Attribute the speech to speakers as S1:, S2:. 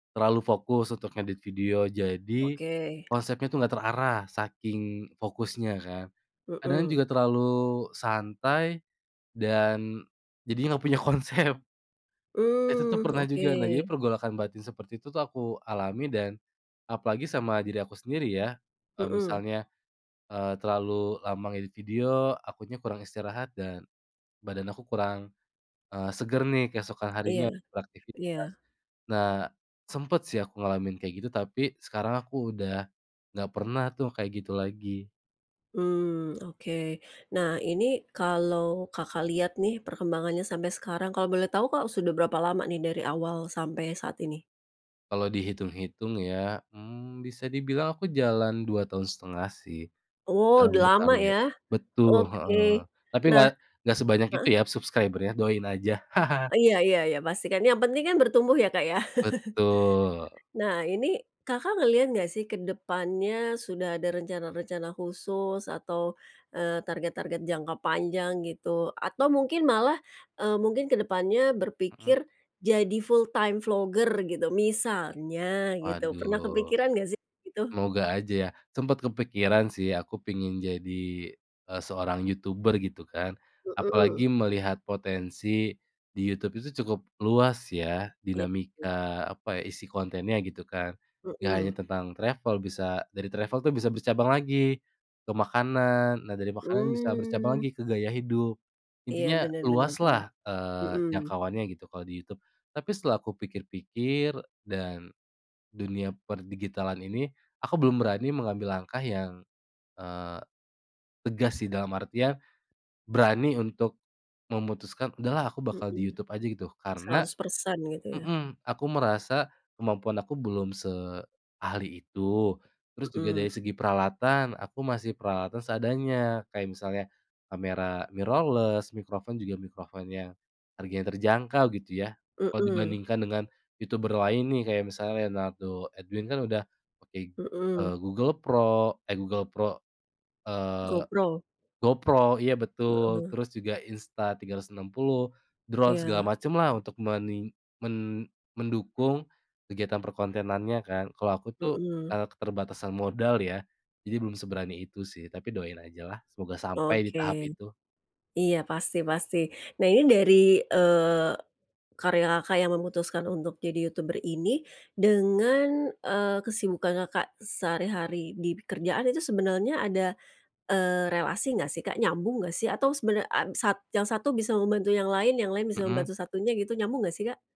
S1: Terlalu fokus untuk ngedit video jadi
S2: Oke.
S1: konsepnya tuh nggak terarah saking fokusnya kan. Kadang
S2: Mmm.
S1: juga terlalu santai dan jadinya nggak punya konsep. Itu tuh
S2: Mmm,
S1: pernah
S2: oke.
S1: juga, nah jadi pergolakan batin seperti itu tuh aku alami dan apalagi sama diri aku sendiri ya. Eee,
S2: Mmm.
S1: misalnya, eee, terlalu lama ngedit video, akunya kurang istirahat dan badan aku kurang, eee, seger nih keesokan
S2: Iya
S1: harinya beraktivitas.
S2: iya.
S1: Nah, sempet sih aku ngalamin kayak gitu tapi sekarang aku udah nggak pernah tuh kayak gitu lagi.
S2: Mmm, oke. Nah, ini kalau Kakak lihat nih perkembangannya sampai sekarang kalau boleh tahu, Kak, sudah berapa lama nih dari awal sampai saat ini?
S1: Kalau dihitung-hitung ya, mmm, bisa dibilang aku jalan 2,5 tahun sih,
S2: Wow,
S1: mmm,
S2: udah lama
S1: berkarya.
S2: ya.
S1: Betul,
S2: Oke,
S1: heeh. Tapi
S2: nah
S1: nggak nggak sebanyak itu
S2: heeh.
S1: ya subscriber-nya, doain aja.
S2: Iya iya iya, pasti kan, yang penting kan bertumbuh ya, Kak, ya.
S1: Betul.
S2: Nah, ini Kakak ngeliat nggak sih ke depannya sudah ada rencana-rencana khusus atau, eee, target-target jangka panjang gitu atau mungkin malah, eee, mungkin ke depannya
S1: Mmm.
S2: berpikir jadi full time vlogger gitu, misalnya gitu pernah
S1: Waduh.
S2: kepikiran gak sih gitu?
S1: Semoga aja ya, sempet kepikiran sih, aku pengen jadi, eee, seorang youtuber gitu kan,
S2: Mmm.
S1: apalagi melihat potensi di YouTube itu cukup luas ya,
S2: Iya.
S1: dinamika apa, isi kontennya gitu kan, enggak hanya
S2: Mmm.
S1: tentang travel, bisa dari travel tuh bisa bercabang lagi ke makanan. Nah, dari makanan bisa bercabang
S2: Mmm.
S1: lagi ke gaya hidup,
S2: Iya,
S1: intinya
S2: benar benar benar.
S1: luaslah, eee,
S2: Mmm.
S1: jangkauannya gitu kalau di YouTube. Tapi setelah aku pikir-pikir dan dunia per digitalan ini, aku belum berani mengambil langkah yang, eee, tegas sih dalam artian berani untuk memutuskan, "Udahlah aku bakal di
S2: Mmm.
S1: YouTube aja," gitu. Karena
S2: 100% gitu ya.
S1: mmm, aku merasa kemampuan aku belum seahli itu. Terus juga
S2: Mmm.
S1: dari segi peralatan aku masih peralatan seadanya kayak misalnya kamera mirrorless, microphone juga microphone yang harganya terjangkau gitu ya. Kalau
S2: Mmm.
S1: dibandingkan dengan youtuber lain nih kayak misalnya Leonardo Edwin kan udah pakai,
S2: Mmm.
S1: eee, Google Pro eh, Google Pro, eee,
S2: GoPro?
S1: GoPro, iya betul.
S2: Heeh.
S1: Terus juga Insta 360, drone segala
S2: Iya.
S1: macemlah untuk menin men mendukung kegiatan perkontenannya kan. Kalau aku tuh,
S2: Mmm.
S1: eee, keterbatasan modal ya, jadi belum seberani itu sih. Tapi doain ajalah, semoga sampai di
S2: Oke,
S1: tahap itu.
S2: iya pasti pasti. Nah, ini dari, eee, karya Kakak yang memutuskan untuk jadi youtuber ini dengan, eee, kesibukan Kakak sehari-hari di pekerjaan itu sebenarnya ada, eee, relasi nggak sih Kak, nyambung nggak sih? Atau sebena ap sat yang satu bisa membantu yang lain, yang lain bisa
S1: Mmm.
S2: membantu satunya gitu nyambung nggak sih, Kak?